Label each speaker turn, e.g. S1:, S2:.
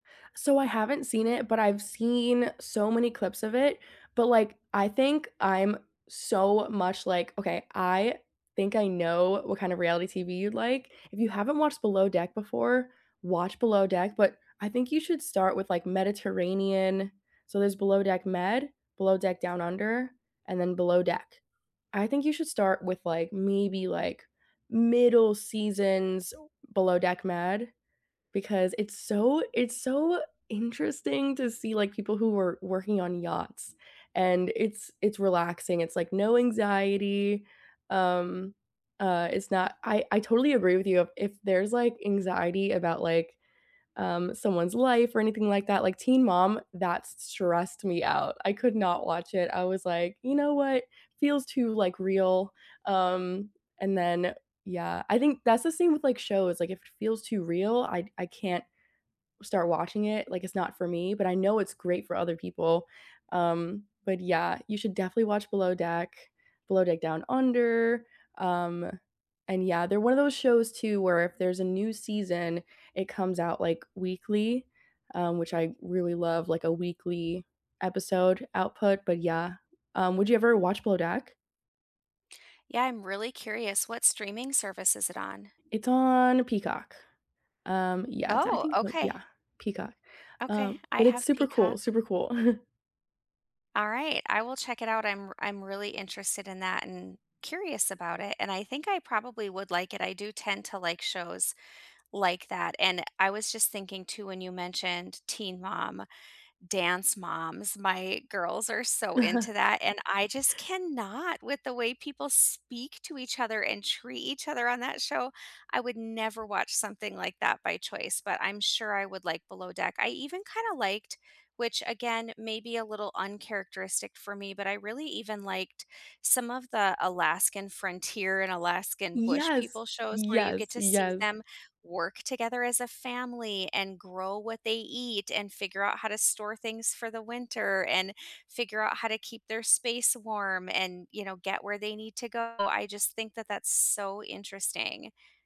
S1: So I haven't seen it, but I've seen so many clips of it, but like, I think I'm so much like okay, I think I know what kind of reality TV you'd like. If you haven't watched Below Deck before, watch Below Deck, but I think you should start with like Mediterranean. So there's Below Deck Med, Below Deck Down Under, and then Below Deck. I think you should start with like maybe, like, middle seasons Below Deck Med, because it's so it's so interesting to see, like, people who were working on yachts and it's it's relaxing, it's like no anxiety, um, uh, it's not I I totally agree with you, if there's, like, anxiety about, like, um, someone's life or anything like that like, Teen Mom, that stressed me out, I could not watch it, I was like, "You know what, feels too, like, real," um, and then, yeah. I think that's the same with like shows, like if it feels too real, I I can't start watching it, like, it's not for me, but I know it's great for other people, um, but yeah, you should definitely watch Below Deck, Below Deck Down Under, um, and yeah, they're one of those shows too where if there's a new season, it comes out, like, weekly, um, which I really love like a weekly episode output, but yeah, rum, would you ever watch Below Deck?
S2: Yeah, I'm really curious, what streaming service is it on?
S1: It's on Peacock, um, yeah, I
S2: Oh,
S1: think so,
S2: okay.
S1: yeah, Peacock,
S2: Okay,
S1: um,
S2: I
S1: but it's
S2: have
S1: super cool,
S2: Peacock.
S1: super cool.
S2: Alright, I will check it out. I'm r I'm really interested in that and curious about it, and I think I probably would like it, I do tend to like shows like that, and I was just thinking too when you mentioned Teen Mom, Dance Moms, my girls are so into that, and I just cannot with the way people speak to each other and treat each other on that show, I would never watch something like that by choice, but I'm sure I would like Below Deck. I even kinda liked, which again, maybe a little uncharacteristic for me, but I really even liked some of the Alaskan Frontier and Alaskan Bush
S1: Yes,
S2: People shows where you
S1: yes,
S2: get to see
S1: yes.
S2: them work together as a family, and grow what they eat, and figure out how to store things for the winter, and figure out how to keep their space warm and, you know, get where they need to go. I just think that that's so interesting.